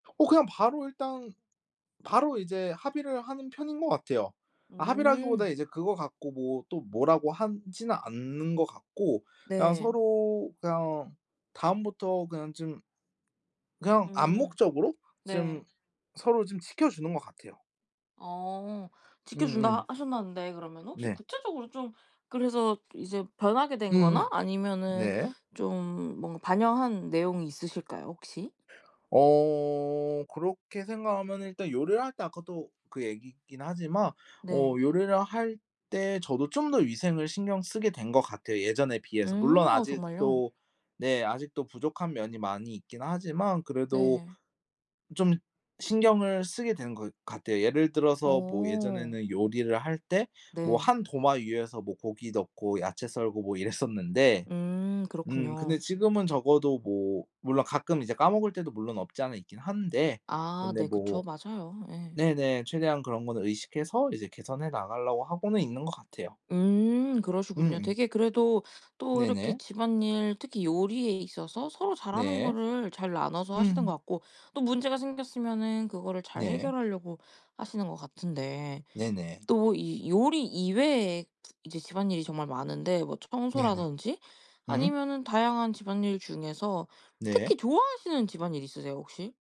어 그냥 바로 일단 바로 이제 합의를 하는 편인 거 같아요. 아 합의라기보다 음. 이제 그거 갖고 뭐 또 뭐라고 하지는 않는 거 같고 그냥 네. 서로 그냥 다음부터 그냥 좀 그냥 음. 암묵적으로 좀 네. 서로 좀 지켜 주는 거 같아요. 어 지켜 준다 음음. 하셨다는데 그러면 혹시 네. 구체적으로 좀 그래서 이제 변하게 된 음. 거나 아니면은 네. 좀 뭔가 반영한 내용이 있으실까요? 혹시? 어 그렇게 생각하면은 일단 요리를 할 때 아까도 그 얘기긴 하지만 어 네. 요리를 할 때 저도 좀 더 위생을 신경쓰게 된 거 같아요. 예전에 비해서. 물론 음 아 정말요? 아직도 네. 아직도 부족한 면이 많이 있긴 하지만 그래도 네. 좀 신경을 쓰게 되는 것 같아요. 예를 들어서 뭐 어. 예전에는 요리를 할 때 뭐 네. 한 도마 위에서 뭐 고기 넣고 야채 썰고 뭐 이랬었는데 음 음 근데 그렇군요. 지금은 적어도 뭐 물론 가끔 이제 까먹을 때도 물론 없지 않아 있긴 한데 아 근데 네 그쵸. 뭐 맞아요. 예. 네네. 최대한 그런 거는 의식해서 이제 개선해 나가려고 하고는 있는 거 같아요. 음 그러시군요. 음. 되게 그래도 또 이렇게 네네. 집안 일 특히 요리에 있어서 서로 잘 하는 네. 거를 잘 나눠서 하시는 거 음. 같고 또 문제가 생겼으면은 그거를 잘 네. 해결하려고 하시는 거 같은데. 네네. 또 이 요리 이외에 이제 집안 일이 정말 많은데 뭐 네네. 청소라든지 음. 아니면은 다양한 집안일 중에서 네. 특히 좋아하시는 집안 일 있으세요 혹시?